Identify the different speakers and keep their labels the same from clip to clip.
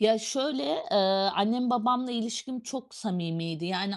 Speaker 1: Ya şöyle, ııı, annem babamla ilişkim çok samimiydi. Yani,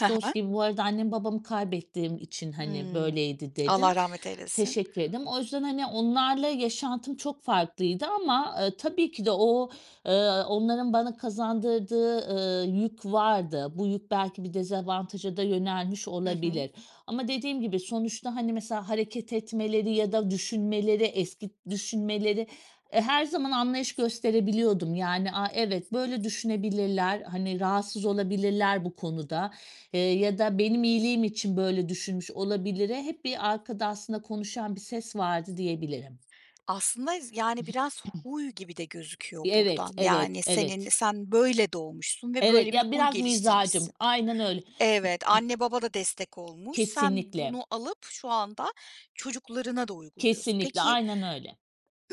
Speaker 2: He
Speaker 1: dost
Speaker 2: he.
Speaker 1: gibi bu arada annem, babamı kaybettiğim için, hani,
Speaker 2: Hımm.
Speaker 1: böyleydi dedim.
Speaker 2: Allah rahmet eylesin.
Speaker 1: Teşekkür ederim o yüzden, hani, onlarla yaşantım çok farklıydı ama, ııı, tabii ki de o, ııı, onların bana kazandırdığı, ııı, yük vardı. Bu yük belki bir dezavantaja da yönelmiş
Speaker 2: Hı hı.
Speaker 1: olabilir ama dediğim gibi sonuçta hani mesela hareket etmeleri ya da düşünmeleri eski d düşünmeleri, eee, her zaman anlayış gösterebiliyordum yani. A evet, böyle düşünebilirler, hani, rahatsız olabilirler bu konuda, eee, ya da benim iyiliğim için böyle düşünmüş olabilire hep bir arkada aslında konuşan bir ses vardı diyebilirim.
Speaker 2: Aslında, yız ani biraz huy gibi de gözüküyor
Speaker 1: Y evet,
Speaker 2: buradan.
Speaker 1: evet,
Speaker 2: Yani, senin
Speaker 1: evet.
Speaker 2: sen böyle doğmuşsun ve
Speaker 1: Evet,
Speaker 2: böyle bir
Speaker 1: ya
Speaker 2: huy
Speaker 1: biraz mizacım.
Speaker 2: geliştirmişsin.
Speaker 1: Aynen öyle.
Speaker 2: Evet, anne baba da destek olmuş. Sen
Speaker 1: Kesinlikle.
Speaker 2: bunu alıp şu anda çocuklarına da uyguluyorsun.
Speaker 1: Kesinlikle.
Speaker 2: Peki
Speaker 1: Aynen öyle.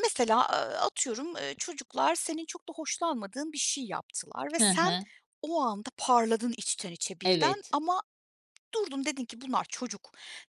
Speaker 2: mesela, aaa, atıyorum, eee, çocuklar senin çok da hoşlanmadığın bir şey yaptılar ve
Speaker 1: He
Speaker 2: sen
Speaker 1: he.
Speaker 2: o anda parladın içten içe birden
Speaker 1: Evet.
Speaker 2: ama durdun dedin ki bunlar çocuk.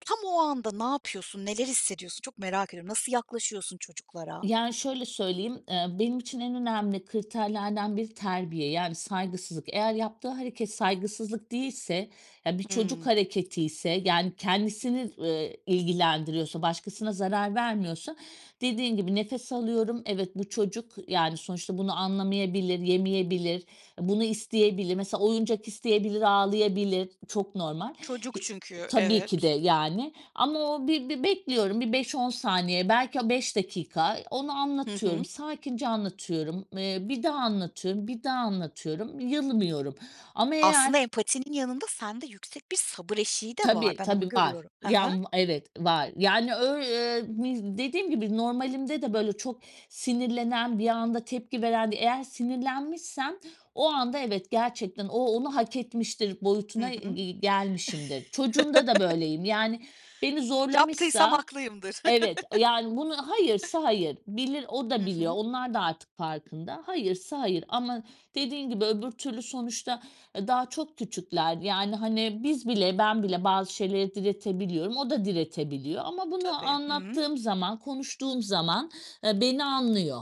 Speaker 2: Tam o anda ne yapıyorsun, neler hissediyorsun çok merak ediyorum. Nasıl yaklaşıyorsun çocuklara?
Speaker 1: Yani, şöyle söyleyeyim, eee, benim için en önemli kriterlerden biri terbiye, yani saygısızlık. Eğer yaptığı hareket saygısızlık değilse ya bir çocuk
Speaker 2: Hımm.
Speaker 1: hareketiyse, yani kendisini, ııı, ilgilendiriyorsa başkasına zarar vermiyorsa dediğin gibi nefes alıyorum. Evet, bu çocuk yani sonuçta bunu anlamayabilir, yemeyebilir. Bunu isteyebilir mesela oyuncak isteyebilir ağlayabilir, çok normal.
Speaker 2: Çocuk
Speaker 1: Y
Speaker 2: çünkü,
Speaker 1: tabii ki de
Speaker 2: evet.
Speaker 1: yani ama o bir bir bekliyorum bir 5-10 saniye belki o 5 dakika, eee, onu
Speaker 2: Hı
Speaker 1: anlatıyorum
Speaker 2: hı.
Speaker 1: sakince anlatıyorum, eee, bir daha anlatıyorum, bir daha anlatıyorum yılmıyorum ama eğer...
Speaker 2: Aslında empatinin yanında sende yüksek bir sabır eşiği de var,
Speaker 1: Tabii
Speaker 2: ben onu
Speaker 1: tabii var.
Speaker 2: görüyorum. He
Speaker 1: Ya
Speaker 2: he.
Speaker 1: m evet, var yani öy eee, mi dediğim gibi normalimde de, böyle, çok sinirlenen, bir anda tepki veren de eğer sinirlenmişsem o anda evet gerçekten o onu hak etmiştir
Speaker 2: Hı
Speaker 1: boyutuna
Speaker 2: hı.
Speaker 1: ge gelmişimdir. Çocuğumda da böyleyim yani beni
Speaker 2: Yaptıysam
Speaker 1: zorlamışsa,
Speaker 2: haklıyımdır.
Speaker 1: evet, yani bunu, hayırsa hayır bilir o
Speaker 2: Hı
Speaker 1: da biliyor.
Speaker 2: hı.
Speaker 1: Onlar da artık farkında hayırsa hayır ama dediğin gibi öbür türlü sonuçta, eee, daha çok küçükler yani, hani, biz bile, ben bile bazı şeyleri diretebiliyorum. O da diretebiliyor ama bunu
Speaker 2: Tabii. Hı hı.
Speaker 1: anlattığım zaman konuştuğum zaman, ııı, beni anlıyor.